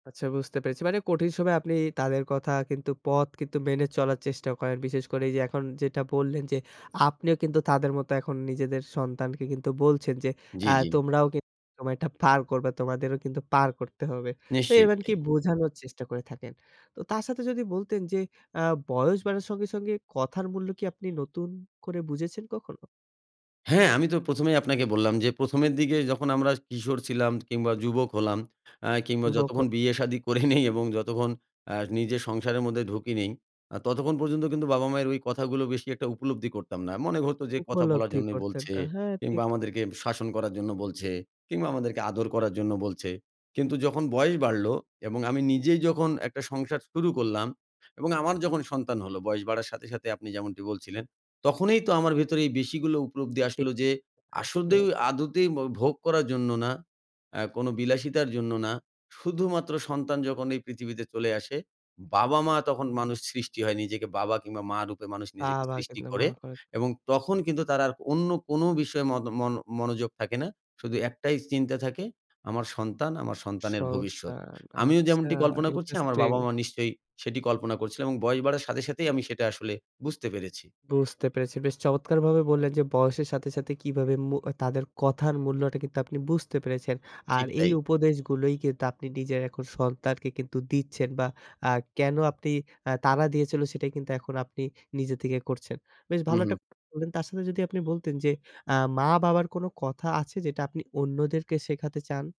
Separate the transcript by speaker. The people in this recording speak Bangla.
Speaker 1: আচ্ছা বুঝতে পেরেছি। মানে কঠিন সময়ে আপনি তাদের কথা কিন্তু পথ কিন্তু মেনে চলার চেষ্টা করেন। বিশেষ করে এই যে এখন যেটা বললেন যে আপনিও কিন্তু তাদের মতো এখন নিজেদের সন্তানকে কিন্তু বলছেন যে, আ
Speaker 2: জি, জি।
Speaker 1: তোমরাও কিন্তু এটা পার করবে তোমাদেরও কিন্তু পার করতে হবে তো
Speaker 2: নিশ্চয়,
Speaker 1: এবার কি
Speaker 2: জি।
Speaker 1: বোঝানোর চেষ্টা করে থাকেন। তো তার সাথে যদি বলতেন যে আ বয়স বাড়ার সঙ্গে, সঙ্গে কথার মূল্য কি আপনি নতুন করে বুঝেছেন কখনো?
Speaker 2: হ্যাঁ, আমি তো প্রথমেই আপনাকে বললাম যে প্রথমের দিকে যখন আমরা কিশোর ছিলাম কিংবা যুবক হলাম, আ কিংবা
Speaker 1: উব ক
Speaker 2: যতক্ষণ বিয়ে
Speaker 1: জি।
Speaker 2: শাদি করি নাই এবং যতক্ষণ আ নিজের সংসারের মধ্যে ঢুঁকি নেই। আ ততক্ষণ পর্যন্ত কিন্তু বাবা মায়ের ওই কথাগুলো বেশি একটা উপলব্ধি করতাম না। মনে হত যে, কথা বলার
Speaker 1: উপলব্ধি
Speaker 2: জন্য
Speaker 1: করতেন
Speaker 2: বলছে
Speaker 1: হ্যাঁ,
Speaker 2: কিংবা
Speaker 1: ঠিক।
Speaker 2: আমাদেরকে শাসন করার জন্য বলছে। কিংবা আমাদেরকে আদর করার জন্য বলছে। কিন্তু যখন বয়স বাড়লো এবং আমি নিজেই যখন একটা সংসার শুরু করলাম। এবং আমার যখন সন্তান হলো বয়স বাড়ার সাথে, সাথে আপনি যেমনটি বলছিলেন। তখনই তো আমার ভেতরে বেশি গুলো উপলব্ধি
Speaker 1: ঠিক,
Speaker 2: আসলো যে
Speaker 1: আসলে।
Speaker 2: আসলে আদতেই ভোগ করার জন্য না আ কোন বিলাসিতার জন্য না। শুধুমাত্র সন্তান যখন এই পৃথিবীতে চলে আসে, বাবা মা তখন মানুষ সৃষ্টি হয় নিজেকে বাবা কিংবা মা রূপে মানুষ নিজেকে
Speaker 1: বাবা
Speaker 2: সৃষ্টি
Speaker 1: কিন্তু মা
Speaker 2: করে।
Speaker 1: খোঁজ।
Speaker 2: এবং তখন কিন্তু তার আর অন্য কোন বিষয়ে মত মন মনোযোগ থাকে না। শুধু একটাই চিন্তা থাকে আমার সন্তান, আমার সন্তানের ভবিষ্যৎ।
Speaker 1: সন্তান
Speaker 2: আমিও
Speaker 1: আচ্ছা
Speaker 2: যেমনটি কল্পনা করছি, আমার
Speaker 1: ইন্টারেস্টিং।
Speaker 2: বাবা মা নিশ্চয়ই সেটি কল্পনা করছিল এবং বয়স বাড়ার সাথে সাথেই আমি সেটা আসলে বুঝতে পেরেছি।
Speaker 1: বুঝতে পেরেছি, বেশ চমৎকারভাবে বললেন যে বয়সের সাথে, সাথে কিভাবে মু তাদের কথার মূল্যটা কিন্তু আপনি বুঝতে পেরেছেন আর
Speaker 2: ঠিক
Speaker 1: এই
Speaker 2: তাই।
Speaker 1: উপদেশগুলোই কিন্তু আপনি নিজের এখন সন্তানকে কিন্তু দিচ্ছেন বা আ কেন আপনি আ তাড়া দিয়েছিল সেটাই কিন্তু এখন আপনি নিজে থেকে করছেন। বেশ
Speaker 2: হুম,
Speaker 1: ভালো একটা
Speaker 2: হুম।
Speaker 1: বললেন তার সাথে যদি আপনি বলতেন যে, আ মা-বাবার কোনো কথা আছে যেটা আপনি অন্যদেরকে শেখাতে চান?